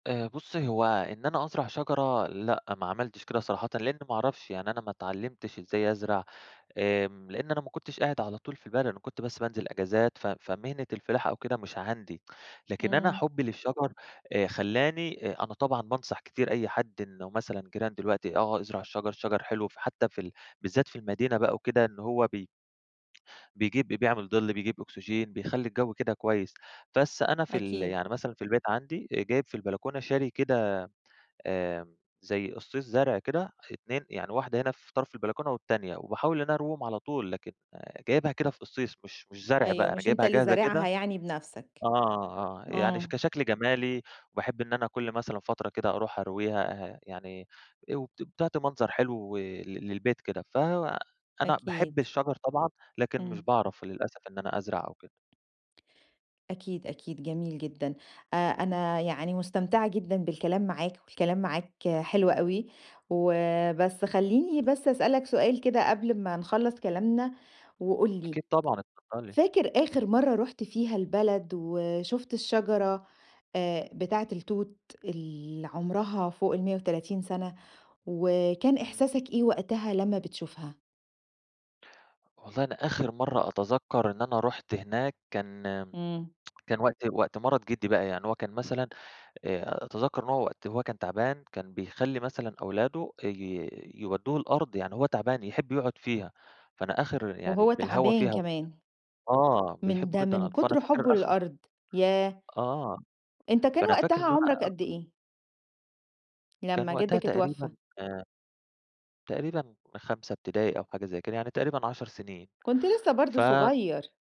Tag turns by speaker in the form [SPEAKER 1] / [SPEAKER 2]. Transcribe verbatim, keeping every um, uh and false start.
[SPEAKER 1] آآ بُصّي، هو إن أنا أزرع شجرة لأ ما عملتش كده صراحةً لإن ما أعرفش. يعني أنا ما اتعلّمتش إزاي أزرع آمم لإن أنا ما كنتش قاعد على طول في البلد، أنا كنت بس بانزل إجازات ف فمهنة الفِلاحة أو كده مش عندي. لكن أنا
[SPEAKER 2] إمم.
[SPEAKER 1] حُبّي للشَجَر آآ خلّاني آآ أنا طبعًا بانصح كتير أي حد إنه مثلًا جيران دلوقت آه، ازرع الشَجَر، الشَجَر حلو فحتّى في ال بالذات في المدينة بقى وكده إن هو بي بيجيب ب بيعمل ضِل، بيجيب أوكسجين بيخلّي الجو كده كويّس. بس أنا في ال
[SPEAKER 2] أكيد.
[SPEAKER 1] يعني مثلًا في البيت عندي آآ جايب في البلكونة شاري كده آمم زي أصِّيص زرع كده اه اتنين يعني واحدة هنا في طرف البلكونة والتانية. وباحاول إن أرويهم على طول لكن جايبها كده في أصِّيص مش مش زرع
[SPEAKER 2] أيوه.
[SPEAKER 1] بقى، أنا
[SPEAKER 2] مش أنت
[SPEAKER 1] جايبها
[SPEAKER 2] اللي
[SPEAKER 1] جاهزة
[SPEAKER 2] زارعها
[SPEAKER 1] كده
[SPEAKER 2] يعني بنفسك.
[SPEAKER 1] آه، آه. يعني ش
[SPEAKER 2] آه.
[SPEAKER 1] كشَكل جمالي وباحب إن أنا كل مثلًا فترة كده أروح أرويها اه يعني او ت بتعطي منظر حلو ل للبيت كده. ف أنا
[SPEAKER 2] أكيد.
[SPEAKER 1] باحب الشَجَر طبعًا، لكن مش
[SPEAKER 2] إمم.
[SPEAKER 1] باعرف للأسف إن أنا أزرع أو كده.
[SPEAKER 2] أكيد، أكيد، جميل جدًا. أ أنا يعني مُستمتعة جدًا بالكلام معاك والكلام معاك حلو أوي، وبس خلّيني بس أسألك سؤال كده قبل ما نخلّص كلامنا وقُل لي
[SPEAKER 1] أكيد طبعًا اتفضّلي.
[SPEAKER 2] فاكر آخر مرّة رُحت فيها البلد وشُفت
[SPEAKER 1] إمم.
[SPEAKER 2] الشجرة آآ بتاعة التوت اللي عُمرها فوق المِيَّة وتلاتين سَنة؟ وكان
[SPEAKER 1] إمم.
[SPEAKER 2] إحساسك إيه وقتها لمّا بتشوفها؟
[SPEAKER 1] والله أنا آخر مرّة أتذكّر إن أنا رُحت هناك كان
[SPEAKER 2] إمم.
[SPEAKER 1] كان وقت وقت مَرَض جِدّي بقى. يعني هو كان مثلًا آآ أتذكّر إن هو وقت وهو كان تعبان، كان بيخلّي مثلًا أولاده اي يودّوه الأرض. يعني هو تعبان يحب يقعُد فيها. فأنا آخر يعني
[SPEAKER 2] وهو
[SPEAKER 1] بالهوا
[SPEAKER 2] تَعبان
[SPEAKER 1] فيها و
[SPEAKER 2] كمان.
[SPEAKER 1] آه.
[SPEAKER 2] من
[SPEAKER 1] بيحبه
[SPEAKER 2] ده
[SPEAKER 1] جدًا.
[SPEAKER 2] من
[SPEAKER 1] فأنا
[SPEAKER 2] كتر
[SPEAKER 1] فاكر
[SPEAKER 2] حُبّه
[SPEAKER 1] آخر
[SPEAKER 2] لللأرض. ياه!
[SPEAKER 1] آه.
[SPEAKER 2] أنت كان
[SPEAKER 1] فأنا فاكر
[SPEAKER 2] وقتها
[SPEAKER 1] إنه
[SPEAKER 2] عُمرك
[SPEAKER 1] أنا
[SPEAKER 2] قد إيه؟
[SPEAKER 1] كان
[SPEAKER 2] لمّا
[SPEAKER 1] وقتها
[SPEAKER 2] جدّك
[SPEAKER 1] تقريبًا
[SPEAKER 2] اتوفّى.
[SPEAKER 1] آآ تقريبًا خمسة ابتدائي أو حاجة زي كده، يعني تقريبًا عَشَر سنين
[SPEAKER 2] كنت لسّه برضه
[SPEAKER 1] ف
[SPEAKER 2] صغيّر.